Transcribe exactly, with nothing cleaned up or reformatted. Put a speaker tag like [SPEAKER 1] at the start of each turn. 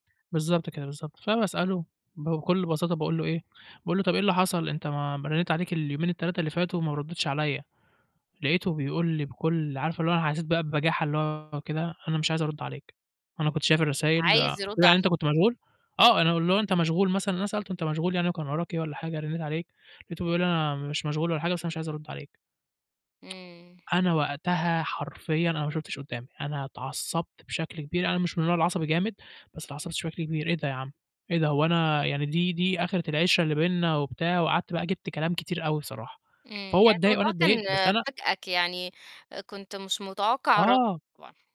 [SPEAKER 1] بالضبط كده، بالضبط. فباسأله بكل بساطة باقول له إيه، باقول له: "طَب إيه اللي حصل؟ أنت ما ما رنّيت عليك اليومين التلاتة اللي فاتوا وما ردّيتش عليّا." لقيته بيقول لي بكل عارفة اللي هو أنا حسّيت بقى ببجاحة اللي هو كده. "أنا مش عايز أرُد عليك، أنا كنت شايف
[SPEAKER 2] مش
[SPEAKER 1] الرسايل."
[SPEAKER 2] عايز
[SPEAKER 1] قُلت له:
[SPEAKER 2] يرُد
[SPEAKER 1] "يعني أنت
[SPEAKER 2] عليك.
[SPEAKER 1] كنت مشغول؟" آه. أنا اللي هو أنت مشغول مثلًا؟ أنا سألته: "أنت مشغول يعني وكان وراك إيه؟ والّا حاجة، رنّيت عليك." لقيته بيقول لي: "أنا مش مشغول ولا حاجة، بس أنا مش عايز أرُد عليك."
[SPEAKER 2] إمم.
[SPEAKER 1] أنا وقتها حرفيًا أنا ما شُفتش قُدّامي، أنا اتعصّبت بشكل كبير، أنا مش من النوع العصبي جامد بس أتعصّبت بشكل كبير. "إيه ده يا عم؟ إيه ده؟ هو أنا يعني دي دي آخِرة العِشرة اللي بيننا؟" وبتاع، وقعدت بقى جِبت كلام كتير أوي صراحة.
[SPEAKER 2] إمم.
[SPEAKER 1] فهو
[SPEAKER 2] يعني
[SPEAKER 1] اتضايق وأنا
[SPEAKER 2] الموضوع
[SPEAKER 1] اتضايقت،
[SPEAKER 2] كان
[SPEAKER 1] بس أنا
[SPEAKER 2] فاجأك، يعني كنت مش متوقّع
[SPEAKER 1] آه.
[SPEAKER 2] [unintelligible]